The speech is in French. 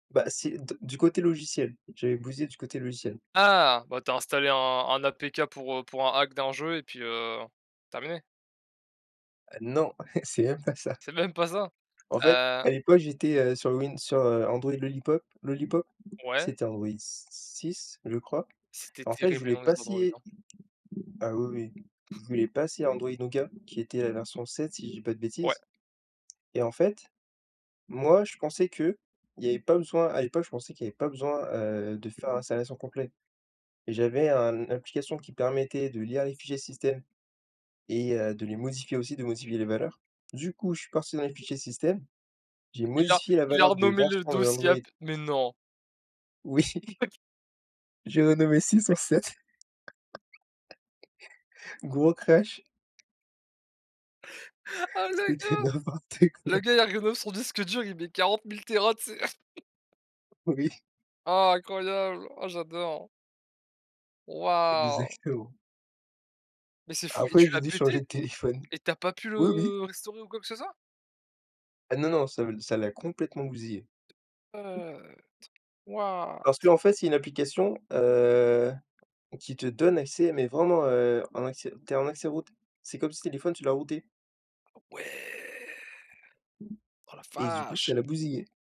Bah, c'est d du côté logiciel. J'avais bousillé du côté logiciel. Ah! Bah, tu as installé un un APK pour, heu, pour un hack d'un jeu et puis, heu, terminé. Heu, non, c'est même pas ça. C'est même pas ça? En fait, Heu à l'époque, j'étais, heu, sur Win sur, heu, Android Lollipop Lollipop. Ouais? C'était Android s s six, je crois. C'était En fait, je terrible, les voulais noms des Androids, passer hein. à ah oui, oui. Je voulais passer à Android Nougat qui était la version 7, si je dis pas de Ouais. bêtises. Et en fait, moi, je pensais qu'il y avait pas besoin à l'époque, je pensais qu'il y avait pas besoin, heu, de faire l'installation complet et j'avais un application qui permettait de lire les fichiers système et heu, de les modifier aussi, de modifier les valeurs. Du coup, je suis parti dans les fichiers système. J'ai Il a modifié la il a valeur de renommé le version de dossier l'Android. app! Mais non! Oui! [unintelligible] J'ai renommé 6 en [unintelligible] 7. Gros crash! Ah le C'était gars! n'importe Le quoi! gars, il a renommé son disque dur, il met 40 000 Téra, tu sais! Oui. Ah incroyable! Oh j'adore! Waouh! Exactement. Mais c'est fou! Et Après tu j'ai l'as dû changer pété? de téléphone. Et tu as pas pu Oui, oui. le restaurer ou quoi que ce soit? Ah non, non, ça le ça l'a complètement bousillé [unintelligible] What! Parce qu'en fait, c'est une application, heu, qui te donne accès, mais vraiment, heu, en accès tu es en accès root. C'est comme si le téléphone, tu l'as rooté. Ah ouais! Oh la Et du coup, vache! ça l'a bousillé.